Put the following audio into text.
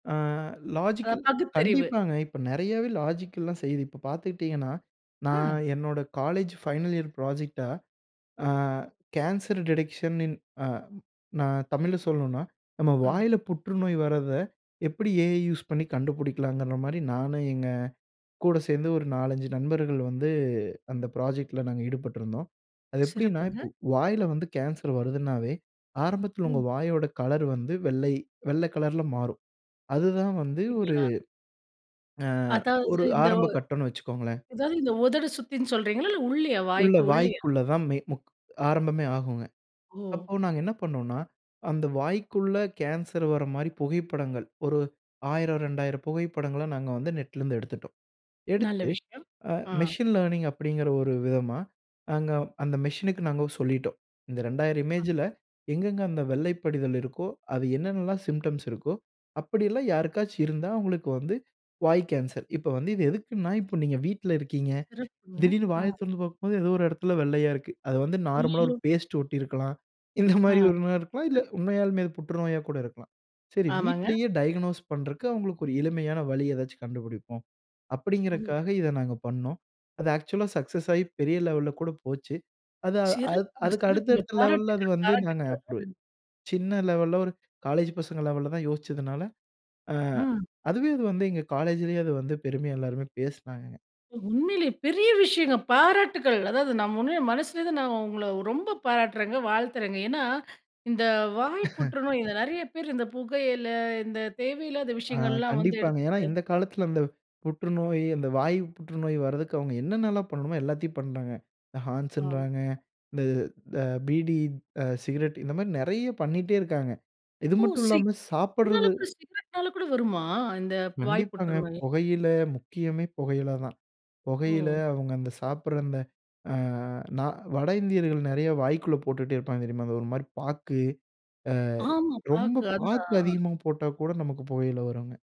அ அ, logical பகுத்தறிவு. கண்டிப்பாங்க. இப்ப நிறையாவே லாஜிக்கல்லாம் செய்யுது. இப்ப பாத்துக்கிட்டீங்கன்னா, நான் அ. என்னோட காலேஜ் ஃபைனல் இயர் ப்ராஜெக்ட்ட, அ கேன்சர் டிடெக்ஷனின் அ நான் தமிழ்ல சொல்லணுன்னா, நம்ம ஆ. வாயில புற்றுநோய் வரத, எப்படி ஏ ஐ யூஸ் பண்ணி கண்டுபிடிக்கலாங்கற மாரி, நானும் எங்க கூட சேந்து ஒரு 4, 5 நண்பர்கள் வந்து, அந்த ப்ராஜெக்ட்ல நாங்க ஈடுபட்டிருந்தோம். அது எப்டின்னா, இப்போ சிறப்புங்க. வாயில வந்து கேன்சர் வருதுனாவே, ஆரம்பத்துல ம். உங்கள் வாயோட கலர் வந்து, வெள்ளை வெள்ள கலர்ல மாறும். அதுதான் வந்து ஒரு அப்டிங்களா? அ அதாவது ஒரு இந்த ஒ ஆரம்ப கட்டம்ன்னு வச்சுக்கோங்களேன். அது இந்த உதடு சுத்தின்னு சொல்றீங்களா? இல்ல உள்ளயா, உள்ள, வாய்க்கு உள்ளயா? வாய்க்குள்ள தான் மே முக் ஆரம்பமே ஆகுங்க. ஓ! அப்போ நாங்க என்ன பண்னோன்னா, அந்த வாய்க்குள்ள கேன்சர் வர மாரி புகைப்படங்கள், ஒரு 1,000, 2,000 புகைப்படங்கள நாங்க வந்து நெட்ல இருந்து எடுத்துட்டோம். நல்ல எடுத்து. விஷயம். ஆ அ. மெசின் லர்னிங் அப்படிங்குற ஒரு விதமா, நாங்க அந்த மெசினுக்கு நாங்க சொல்லிட்டோம். இந்த 2,000 அ. இமேஜ்ல, எங்க எங்க அந்த வெள்ளை படிதல் இருக்கோ, அதுல என்னென்னலாம் சிம்ப்டம்ஸ் இருக்கோ, அப்டில்லாம் யாருக்காச்சும் இருந்தா, அவுங்களுக்கு வந்து வாய் கேன்சர். இப்ப வந்து இது எதுக்குன்னா, இப்ப நீங்க வீட்ல இருக்கீங்க. சிறப்புங்க. திடீர்ன்னு வாய அ. திறந்து பாக்கும்போது, ஏதோ ஒரு எடத்தில வெள்ளையா இருக்கு. அது வந்து நார்மலா அய்யயோ! ஒரு பேஸ்ட் ஒட்டியிருக்கலாம். இந்த அ, மாதிரி ஒண்ணா இருக்கலாம். அ. இல்ல உண்மையாலுமே அது புற்றுநோயா கூட இருக்கலாம். சரி ஆமாங்க. வீட்லயே டயக்னோஸ் பண்றதுக்கு அவுங்களுக்கு ஒரு எளிமையான வழி ஏதாச்சும் கண்டுபிடிப்போம். ஓ! அப்டிங்கறக்காக, இத நாங்க பண்ணோம். அது ஆக்சுவலா சக்சஸ் ஆயி பெரிய லெவல கூட போச்சு. அது அது சிறப்புங்க, அதுக்கு அடுத்த சிறப்புங்க. அடுத்த லெவல்ல அது பாராட்டுகள், வந்து நாங்க பாராட்டுகள். அப்ப அ. சின்ன லெவல்ல ஒரு காலேஜ் பசங்க லெவல்ல தான் யோசிச்சதுனால, அ அ! அதுவே இது வந்து எங்க காலேஜிலயே அது வந்து பெருமையா எல்லாருமே பேசினாங்கங்க. உண்மையிலயே. பெரிய விஷயங்க. பாராட்டுகள். அதாவது நான் உண்மையில மனசுலருந்து நான் உங்கள ரொம்ப பாராட்டுறேங்க. வாழ்த்துறேங்க. ஏன்னா இந்த வாய்ப்புற்று நோய், இந்த நிறையா பேரு இந்த புகையில, இந்த தேவையில்லாத ஆ விஷயங்கள்லாம் வந்து கண்டிப்பாங்க. ஏன்னா எடுத்துட்டு இந்த காலத்துல அந்த புற்றுநோய், அந்த வாய் புற்றுநோய் வரதுக்கு அவுங்க என்னென்ன எல்லாம் பண்ணணுமோ, எல்லாத்தயும் பண்றாங்க. இந்த ஆ ஹான்ஸுன்றாங்க, இந்த த பீடி அ சிகரெட் இந்த மாரி நிறையா பண்ணிட்டே இருக்காங்க. இது ஓ! மட்டும் இல்லாம, சிக்னால சாப்புட்றது சிகரெட்னால கூட வருமா? இந்த வாய் கண்டிப்பாங்க. புற்றுநோயி? புகையில, முக்கியமே புகையில தான். புகையில, ஓ! அவுங்க அந்த சாப்படற அந்த அ நா வட இந்தியர்கள் நெறையா வாய்க்குள்ள போட்டுட்டே இருப்பாங்க தெரியுமா? ஒரு மாரி பாக்கு, ஆமா, அ ரொம்ப பாக்கு பாக்கு அதான். அதிகமா போட்டா கூட நமக்கு புற்றுநோய் வருங்க.